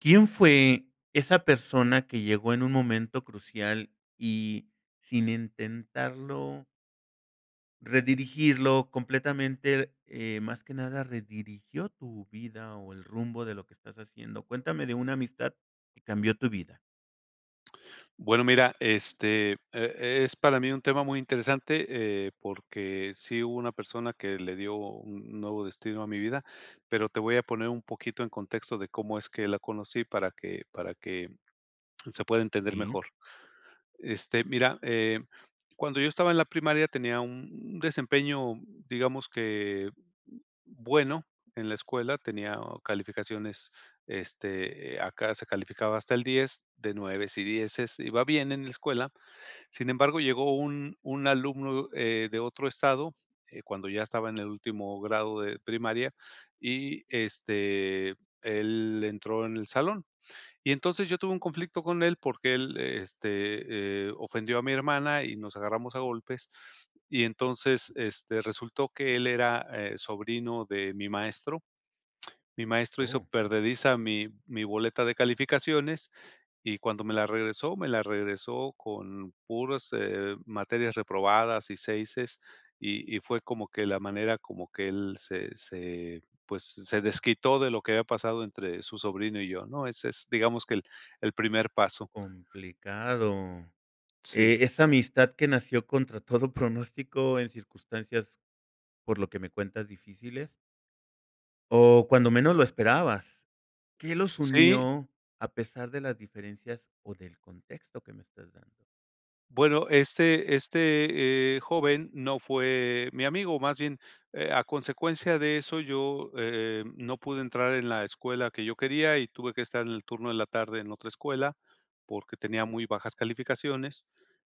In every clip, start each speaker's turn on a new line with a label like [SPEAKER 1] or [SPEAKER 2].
[SPEAKER 1] ¿Quién fue esa persona que llegó en un momento crucial? y sin intentarlo Redirigirlo completamente, eh, más que nada redirigió tu vida, o el rumbo de lo que estás haciendo, cuéntame de una amistad que cambió tu vida.
[SPEAKER 2] Bueno, mira, este, eh, es para mí un tema muy interesante, eh, porque sí hubo una persona que le dio un nuevo destino a mi vida, pero, te voy a poner un poquito en contexto de cómo es que la conocí para que para que se pueda entender
[SPEAKER 1] Sí.
[SPEAKER 2] mejor. Este, mira, eh cuando yo estaba en la primaria tenía un desempeño, digamos que bueno, en la escuela tenía calificaciones, este, acá se calificaba hasta el 10, de nueves y dieces, iba bien en la escuela. Sin embargo, llegó un un alumno, eh, de otro estado, eh, cuando ya estaba en el último grado de primaria y, este, él entró en el salón. Y entonces yo tuve un conflicto con él, porque él, este, eh, ofendió a mi hermana y nos agarramos a golpes. Y entonces, este, resultó que él era sobrino de mi maestro mi maestro hizo
[SPEAKER 1] Oh.
[SPEAKER 2] perdediza mi mi boleta de calificaciones y cuando me la regresó me la regresó con puras eh, materias reprobadas y seises y y fue como que la manera como que él, se se pues, se desquitó de lo que había pasado entre su sobrino y yo, ¿no?, es es, digamos que el el primer paso.
[SPEAKER 1] Complicado,
[SPEAKER 2] Sí.
[SPEAKER 1] eh, esa amistad que nació contra todo pronóstico en circunstancias, por lo que me cuentas, difíciles. O cuando menos lo esperabas. ¿Qué los
[SPEAKER 2] Sí.
[SPEAKER 1] unió a pesar de las diferencias o del contexto que me estás dando?
[SPEAKER 2] Bueno, este este, eh, joven no fue mi amigo, más bien, eh, a consecuencia de eso, yo, eh eh, no pude entrar en la escuela que yo quería y tuve que estar en el turno de la tarde en otra escuela, porque tenía muy bajas calificaciones.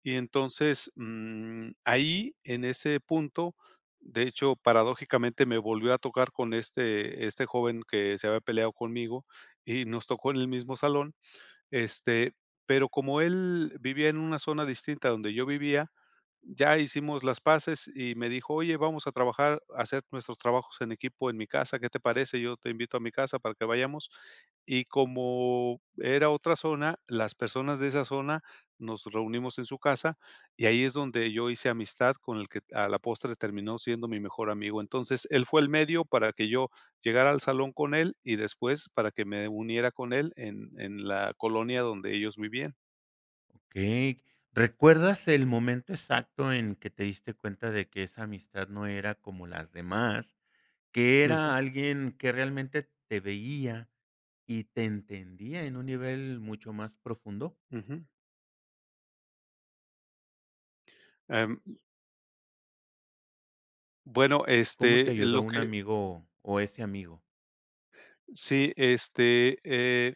[SPEAKER 2] Y entonces, mm, ahí, en ese punto, de hecho, paradójicamente, me volvió a tocar con este este joven que se había peleado conmigo y nos tocó en el mismo salón, este, pero como él vivía en una zona distinta donde yo vivía, ya hicimos las paces y me dijo: "Oye, vamos a trabajar, hacer nuestros trabajos en equipo en mi casa, ¿qué te parece? Yo te invito a mi casa para que vayamos". Y como era otra zona, las personas de esa zona nos reunimos en su casa y ahí es donde yo hice amistad con el que a la postre terminó siendo mi mejor amigo. Entonces, él fue el medio para que yo llegara al salón con él y después, para que me uniera con él en en la colonia donde ellos vivían.
[SPEAKER 1] Okey, ¿recuerdas el momento exacto en que te diste cuenta de que esa amistad no era como las demás?, que
[SPEAKER 2] Ujú.
[SPEAKER 1] era alguien que realmente te veía y te entendía en un nivel mucho más profundo.
[SPEAKER 2] Ujú. Em. Bueno,
[SPEAKER 1] ¿Cómo te
[SPEAKER 2] este
[SPEAKER 1] ayudó
[SPEAKER 2] lo
[SPEAKER 1] un
[SPEAKER 2] que
[SPEAKER 1] amigo, o ese amigo?
[SPEAKER 2] Sí, este, eh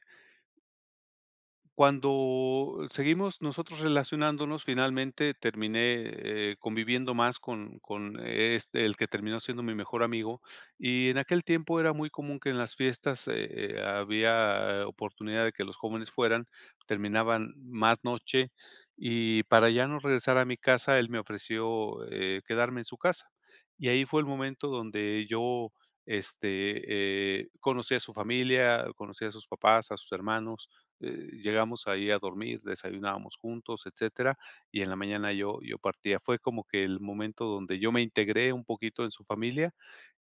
[SPEAKER 2] Cuando seguimos nosotros relacionándonos, finalmente terminé, eh, conviviendo más con con este, el que terminó siendo mi mejor amigo, y en aquel tiempo era muy común que en las fiestas, eh eh, había oportunidad de que los jóvenes fueran, terminaban más noche. Y para ya no regresar a mi casa, él me ofreció, eh, quedarme en su casa. Y ahí fue el momento donde yo, este, eh, conocí a su familia, conocí a sus papás, a sus hermanos, eh, llegamos ahí a dormir, desayunábamos juntos, etcétera. Y en la mañana yo yo partía. Fue como que el momento donde yo me integré un poquito en su familia,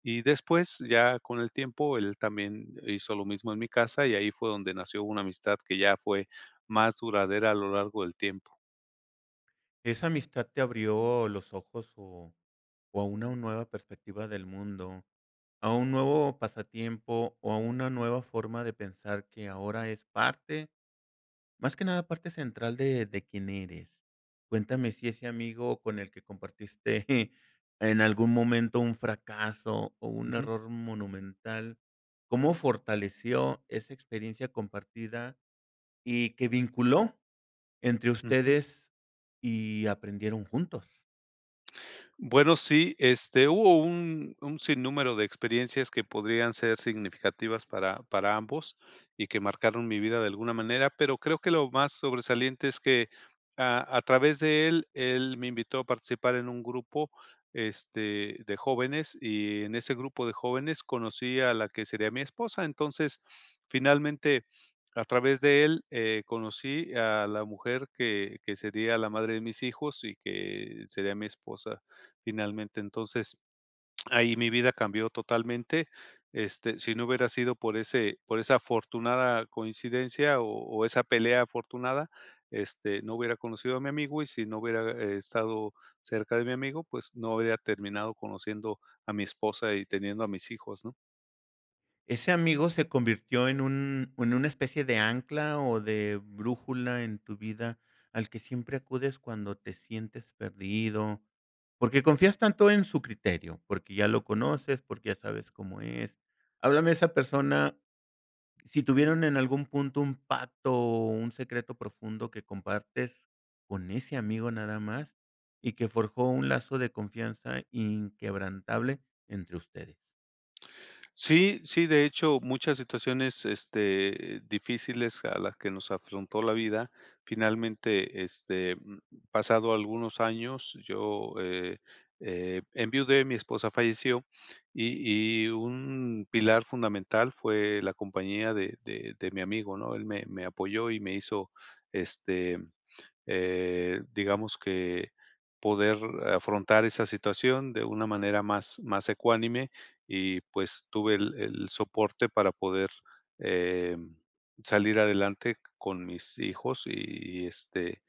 [SPEAKER 2] y después, ya con el tiempo, él también hizo lo mismo en mi casa, y ahí fue donde nació una amistad que ya fue más duradera a lo largo del tiempo.
[SPEAKER 1] Esa amistad te abrió los ojos o o a una nueva perspectiva del mundo, a un nuevo pasatiempo o a una nueva forma de pensar que ahora es parte más que nada, parte central de de quién eres, cuéntame si ese amigo con el que compartiste en algún momento un fracaso o un
[SPEAKER 2] Ujú.
[SPEAKER 1] error monumental, ¿cómo fortaleció esa experiencia compartida y que vinculó entre
[SPEAKER 2] Ujú.
[SPEAKER 1] ustedes y aprendieron juntos?
[SPEAKER 2] Bueno, sí, este, hubo un un sin número de experiencias que podrían ser significativas para para ambos y que marcaron mi vida de alguna manera, pero creo que lo más sobresaliente es que a a través de él él me invitó a participar en un grupo, este, de jóvenes y en ese grupo de jóvenes conocí a la que sería mi esposa, entonces, finalmente, a través de él, eh, conocí a la mujer que que sería la madre de mis hijos y que sería mi esposa finalmente, entonces, ahí mi vida cambió totalmente, este, si no hubiera sido por ese por esa afortunada coincidencia o o esa pelea afortunada, este, no hubiera conocido a mi amigo y si no hubiera e estado cerca de mi amigo, pues, no habría terminado conociendo a mi esposa y teniendo a mis hijos, ¿no?
[SPEAKER 1] Ese amigo se convirtió en un en una especie de ancla o de brújula en tu vida, al que siempre acudes cuando te sientes perdido, porque confías tanto en su criterio, porque ya lo conoces, porque ya sabes cómo es. Háblame de esa persona. Sí tuvieron en algún punto un pacto o un secreto profundo, que compartes con ese amigo nada más, y que forjó un lazo de confianza inquebrantable entre ustedes.
[SPEAKER 2] Sí, sí, de hecho, muchas situaciones, este, difíciles a las que nos afrontó la vida. Finalmente, este, mm, pasado algunos años, yo, eh eh, enviudé, mi esposa falleció. Y y un pilar fundamental fue la compañía de de de mi amigo, ¿no? Él me me apoyó y me hizo este, eh, digamos que, poder afrontar esa situación de una manera más, más ecuánime y, pues, tuve el el soporte para poder, eh, salir adelante con mis hijos, y este,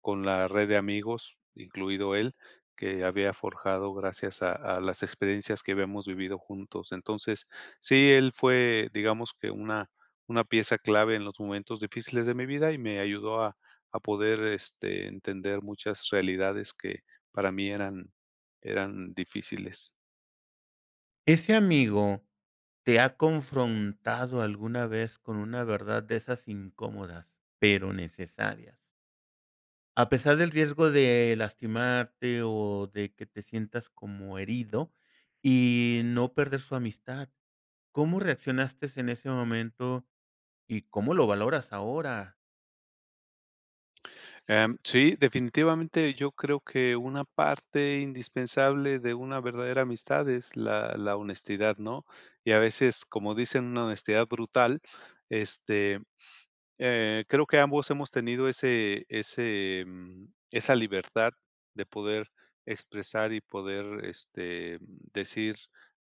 [SPEAKER 2] con la red de amigos, incluido él, que había forjado gracias a a las experiencias que habíamos vivido juntos. Entonces sí, él fue, digamos que una una pieza clave en los momentos difíciles de mi vida, y me ayudó a a poder este, entender muchas realidades que para mí eran eran difíciles.
[SPEAKER 1] Ese amigo, ¿te ha confrontado alguna vez con una verdad de esas incómodas, pero necesarias? A pesar del riesgo de lastimarte, o de que te sientas como herido y no perder su amistad. ¿Cómo reaccionaste en ese momento y cómo lo valoras ahora?
[SPEAKER 2] Em, sí, definitivamente, yo creo que una parte indispensable de una verdadera amistad es la la honestidad, ¿no? Y a veces, como dicen, una honestidad brutal, este, eh, creo que ambos hemos tenido ese ese, mm, esa libertad de poder expresar y poder, este, mm, decir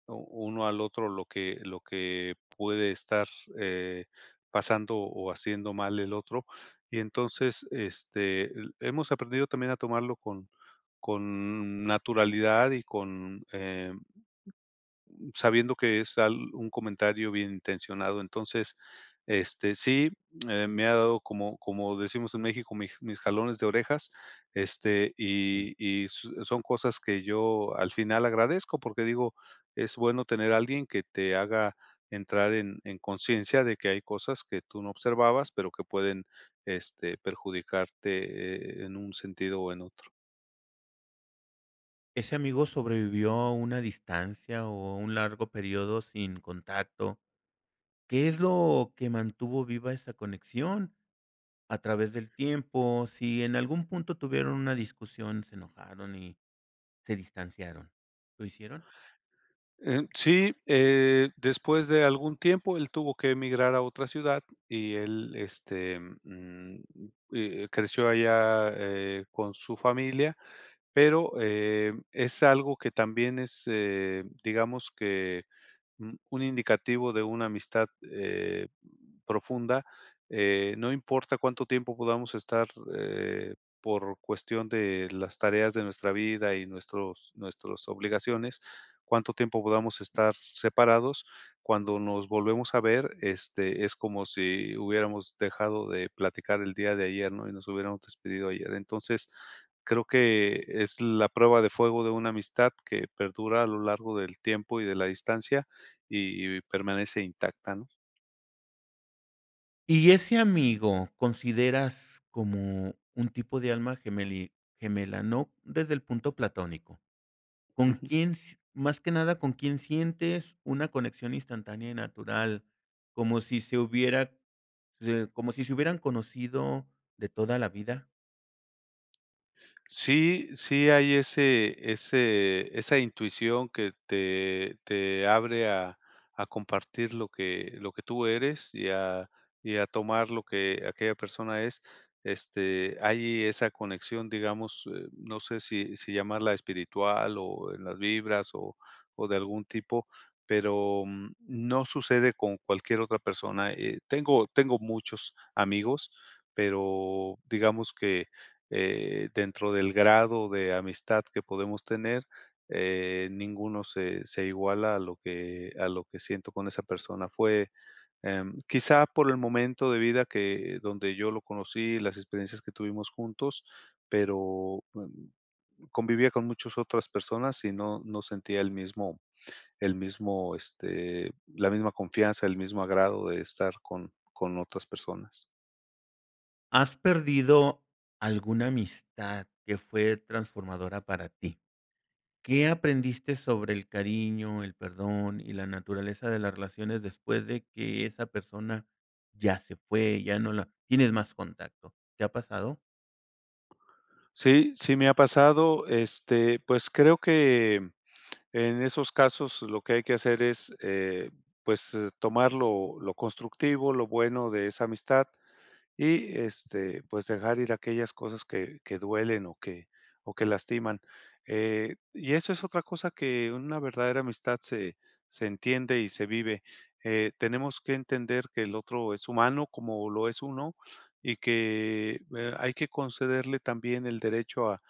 [SPEAKER 2] u uno al otro lo que lo que puede estar, eh, pasando, o haciendo mal el otro. Y entonces, este, eh, hemos aprendido también a tomarlo con con naturalidad y con, eh, mm, sabiendo que es al un comentario bien intencionado. Entonces, este, sí, eh, me ha dado como como decimos en México, mi mis jalones de orejas, este,
[SPEAKER 1] Mm.
[SPEAKER 2] y y s son cosas que yo al final agradezco porque digo, es bueno tener a alguien que te haga entrar en en conciencia de que hay cosas que tú no observabas, pero que pueden, este, perjudicarte, eh, en un sentido o en otro.
[SPEAKER 1] ¿Ese amigo sobrevivió a una distancia o un largo período sin contacto? ¿Qué es lo que mantuvo viva esa conexión a través del tiempo si en algún punto tuvieron una discusión, se enojaron y se distanciaron? ¿Lo hicieron?
[SPEAKER 2] Eh, sí, eh, después de algún tiempo, él tuvo que emigrar a otra ciudad y él, este, mm, eh, creció allá, eh, con su familia, pero, eh, es algo que también es, eh, digamos que un un indicativo de una amistad, eh, profunda. Eh, no importa cuánto tiempo podamos estar, eh, por cuestión de las tareas de nuestra vida y nuestros nuestros obligaciones, cuánto tiempo podamos estar separados, cuando nos volvemos a ver, este, es como si hubiéramos dejado de platicar el día de ayer, ¿no?, y nos hubiéramos despedido ayer. Entonces, creo que es la prueba de fuego de una amistad que perdura a lo largo del tiempo y de la distancia, y y permanece intacta, ¿no?
[SPEAKER 1] Y ese amigo, consideras como un tipo de alma gemeli gemela, ¿no? Desde el punto platónico. ¿Con
[SPEAKER 2] Ujú.
[SPEAKER 1] quién s más que nada? ¿Con quién sientes una conexión instantánea y natural, como si se hubiera se como si se hubieran conocido de toda la vida?
[SPEAKER 2] Sí sí hay ese ese esa intuición, que te te abre a a compartir lo que lo que tú eres y a y a tomar lo que aquella persona es, este, hay esa conexión, digamos, eh, no sé, si si llamarla espiritual, o en las vibras o o de algún tipo, pero, mm, no sucede con cualquier otra persona, eh, tengo tengo muchos amigos, pero, digamos que, eh, dentro del grado de amistad que podemos tener, eh, ninguno se se iguala a lo que a lo que siento con esa persona. Fue, em, quizá por el momento de vida, que donde yo lo conocí, las experiencias que tuvimos juntos, pero, mm, convivía con muchas otras personas y no no sentía el mismo el mismo, este, la misma confianza, el mismo agrado de estar con con otras personas.
[SPEAKER 1] ¿Has perdido alguna amistad que fue transformadora para ti? ¿Qué aprendiste sobre el cariño, el perdón y la naturaleza de las relaciones después de que esa persona ya se fue, ya no la tienes más contacto? ¿Te ha pasado?
[SPEAKER 2] Sí, sí me ha pasado, este, pues, creo que en esos casos lo que hay que hacer es, eh, pues, tomar lo lo constructivo, lo bueno de esa amistad y, este, pues, dejar ir a aquellas cosas que que duelen o que o que lastiman, eh, y eso es otra cosa que una verdadera amistad se se entiende y se vive, eh, tenemos que entender que el otro es humano como lo es uno y que eh, hay que concederle también el derecho a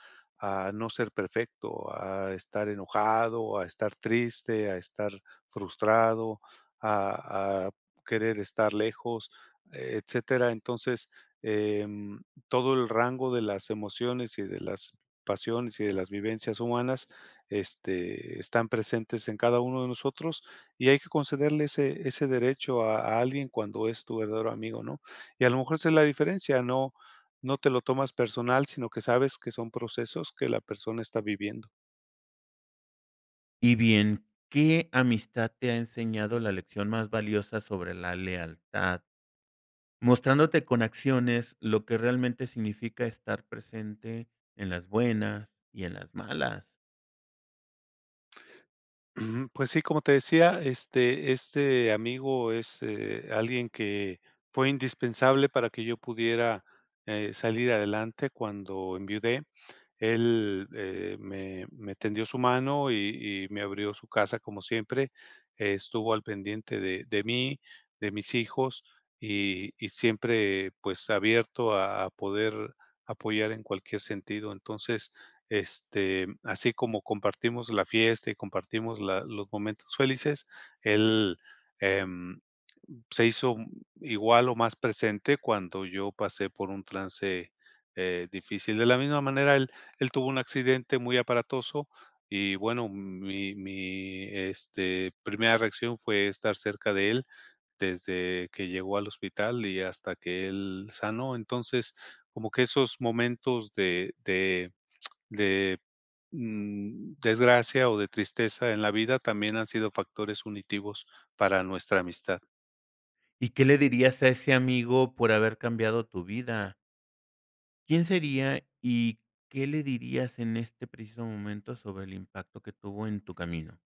[SPEAKER 2] a no ser perfecto, a estar enojado, a estar triste, a estar frustrado, a a querer estar lejos, etcétera, entonces, em, todo el rango de las emociones y de las pasiones y de las vivencias humanas, este, están presentes en cada uno de nosotros y hay que concederle ese ese derecho a alguien cuando es tu verdadero amigo, ¿no? Y a lo mejor, esa es la diferencia, no no te lo tomas personal, sino que sabes que son procesos que la persona está viviendo.
[SPEAKER 1] Y bien, ¿qué amistad te ha enseñado la lección más valiosa sobre la lealtad? Mostrándote con acciones lo que realmente significa estar presente en las buenas y en las malas.
[SPEAKER 2] Ujú. Pues, sí, como te decía, este, este amigo es, eh, alguien que fue indispensable para que yo pudiera, h, salir adelante cuando enviudé. Él, eh, me me tendió su mano y y me abrió su casa como siempre, estuvo al pendiente de de mí, de mis hijos, y y siempre, pues, abierto a a poder apoyar en cualquier sentido. Entonces, este, así como compartimos la fiesta y compartimos la los momentos felices, él, eh, se hizo igual o más presente cuando yo pasé por un trance, eh, difícil. De la misma manera, él él tuvo un accidente muy aparatoso y bueno, mi mi, este, primera reacción fue estar cerca de él desde que llegó al hospital y hasta que él sanó. Entonces, como que esos momentos de de de, mm, desgracia o de tristeza en la vida, también han sido factores unitivos para nuestra amistad.
[SPEAKER 1] ¿Y qué le dirías a ese amigo por haber cambiado tu vida? ¿Quién sería y qué le dirías en este preciso momento sobre el impacto que tuvo en tu camino?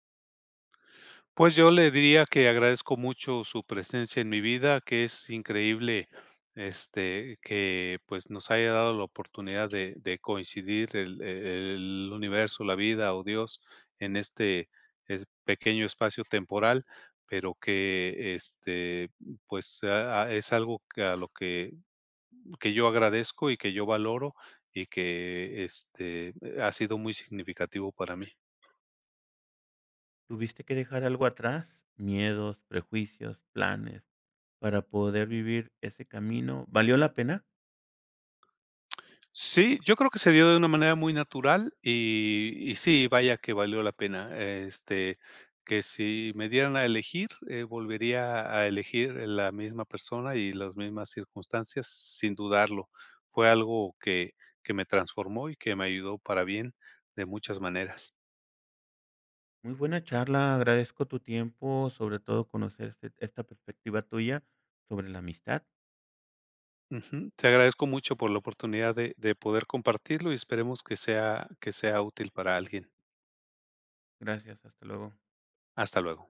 [SPEAKER 2] Pues yo le diría que agradezco mucho su presencia en mi vida, que es increíble este, que, pues nos haya dado la oportunidad de de coincidir el e el universo, la vida o Dios en este es pequeño espacio temporal, pero que, este, pues, ah ah, es algo que a lo que que yo agradezco y que yo valoro y que este, ha sido muy significativo para mí.
[SPEAKER 1] ¿Tuviste que dejar algo atrás? Miedos, prejuicios, planes, para poder vivir ese camino, ¿valió la pena?
[SPEAKER 2] Sí, yo creo que se dio de una manera muy natural y y sí, vaya que valió la pena, este, que si me dieran a elegir, eh, volvería a elegir la misma persona y las mismas circunstancias, sin dudarlo. Fue algo que, que me transformó y que me ayudó para bien de muchas maneras.
[SPEAKER 1] Muy buena charla, agradezco tu tiempo, sobre todo conocer este esta perspectiva tuya sobre la amistad.
[SPEAKER 2] Ujú. Te agradezco mucho por la oportunidad de de poder compartirlo y esperemos que sea que sea útil para alguien.
[SPEAKER 1] Gracias. Hasta luego.
[SPEAKER 2] Hasta luego.